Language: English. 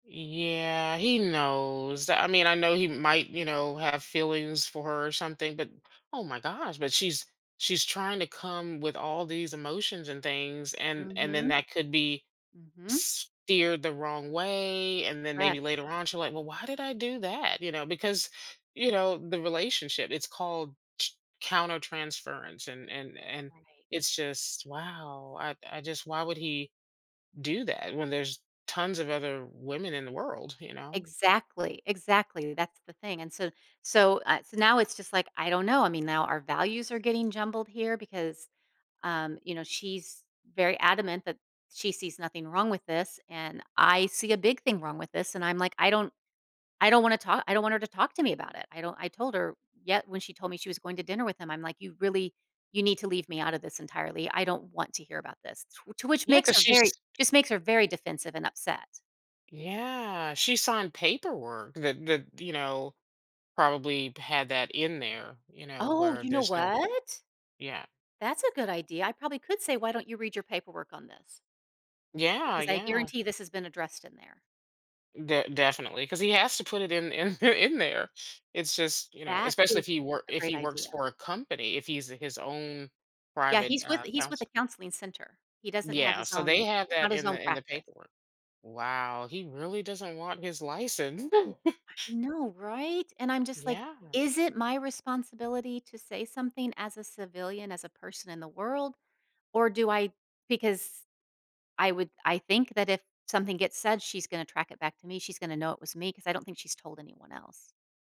Yeah he knows, I mean, I know he might, you know, have feelings for her or something, but oh my gosh, but she's she's trying to come with all these emotions and things, and and then Mhm. that could be Mhm. s steered the wrong way, and then maybe Correct. later on she's like, "Well, why did I do that?" You know, because, you know, the relationship it's called tr countertransference and and and Right. it's just, wow, I I just why would he do that when there's tons of other women in the world, you know? Exactly, exactly, that's the thing, and so so, uh, so now it's just like, I don't know, I mean now our values are getting jumbled here because, um, you know, she's very adamant that she sees nothing wrong with this, and I see a big thing wrong with this, and I'm like, I don't I don't wanna talk I don't want her to talk to me about it, I don't I told her yet when she told me she was going to dinner with him, I'm like, "You really, you need to leave me out of this entirely, I don't want to hear about this to which Yeah, makes 'cause her she's very just makes her very defensive and upset. Yeah, she signed paperwork that that, you know, probably had that in there, you know, Oh, where you know there's no what? Yeah. That's a good idea, I probably could say, "Why don't you read your paperwork on this?" Yeah, Because I yeah. guarantee this has been addressed in there. De definitely 'cause he has to put it in in in there. It's just, you know, That especially if is he work a if great he works idea. for a company, if he's his own Yeah, private, he's uh, with he's with a counselor. counseling center. He doesn't have Yeah, his so own they have he's not that his in own the in the practice. paperwork. Wow, he really doesn't want his license. I know right, and I'm just like, Yeah. is it my responsibility to say something as a civilian, as a person in the world, or do I because I would I think that if something gets said, she's gonna track it back to me, she's gonna know it was me 'cause I don't think she's told anyone else.